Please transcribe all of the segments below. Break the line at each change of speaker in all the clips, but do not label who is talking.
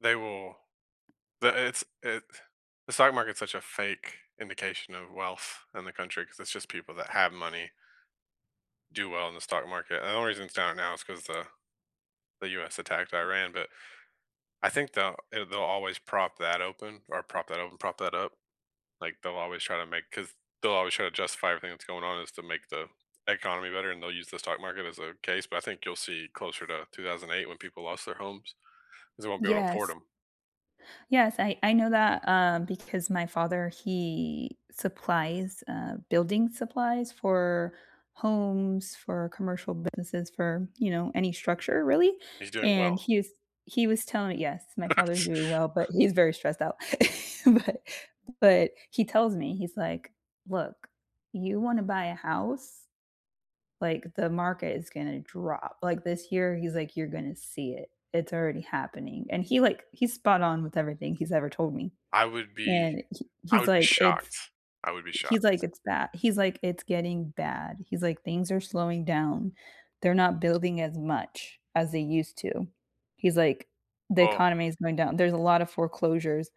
They will the it's it the stock market's such a fake indication of wealth in the country 'cause it's just people that have money do well in the stock market, and the only reason it's down right now is 'cause the the US attacked Iran, but I think they'll it they'll always prop that open or prop that open? Prop that up, like, they'll always try to make 'cause they'll always try to justify everything that's going on as to make the economy better, and they'll use the stock market as a case, but I think you'll see closer to 2008 when people lost their homes, 'cause they won't be able to afford
Yes.
'em.
Yes, I I know that, um, because my father, he supplies, uh, building supplies for homes, for commercial businesses, for, you know, any structure really,
He's doing
and
well.
he is he was telling Yes, my father is doing
It's
well, but he's very stressed out. But but he tells me he's, like, "Look, you wanna buy a house, like, the market is gonna drop," like, this year he's, like, "You're gonna see it, it's already happening," and he, like he's spot on with everything he's ever told me,
I would be
and he
I
he's,
would be
like, "It's"
shocked, I would be
he he's
shocked.
like, "It's bad" he's, like, "It's getting bad," he's, like, "Things are slowing down, they're not building as much as they used to." He's, like, "The
Well
economy is going down, there's a lot of foreclosures."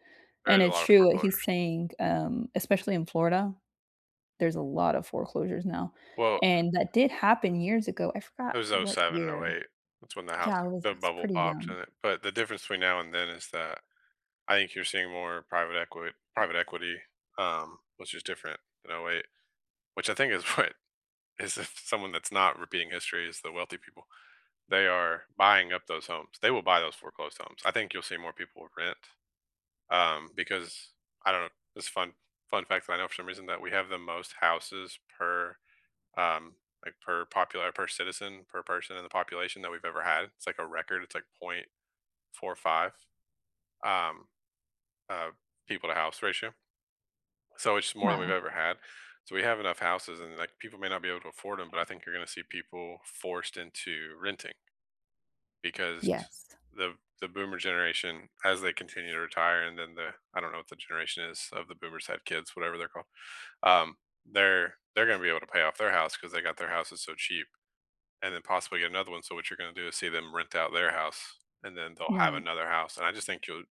There
And
is a
it's
lot of
true what he's
foreclosures.
saying, um, especially in Florida, there's a lot of foreclosures now,
Well
and that did happen years ago I forgot
It was oh
what
seven and oh
year
eight that's when the house
yeah, I was
the
I was
bubble
pretty
popped and
young.
it but the difference between now and then is that I think you're seeing more private equi private equity, um, which is different than 08'. Which I think is what is if someone that's not repeating history is the wealthy people, they are buying up those homes, they will buy those foreclosed homes, I think you'll see more people rent, um, because I don't it's fun fun fact that I know for some reason that we have the most houses per, um, like, per, um, like, per popular per citizen, per person in the population that we've ever had, it's, like, a record, it's, like, .45, um, uh, people to house ratio so it's more than we've
Wow.
ever had, so we have enough houses and, like, people may not be able to afford 'em, but I think you're gonna see people forced into renting, because t
Yes.
the the boomer generation, as they continue to retire and then the I don't know what the generation is of the boomers who have kids, whatever they're called, um, they're they're gonna be able to pay off their house 'cause they got their houses so cheap, and then possibly get another one, so, what you're gonna do is see them rent out their house, and then they'll have
Right.
another house, and I just think you'll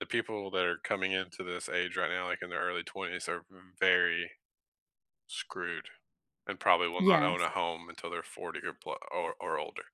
the people that are coming into this age right now, like, in their early 20s, are m v very, screwed and probably will not own
Yes.
a home until they're 40 or plu or or older.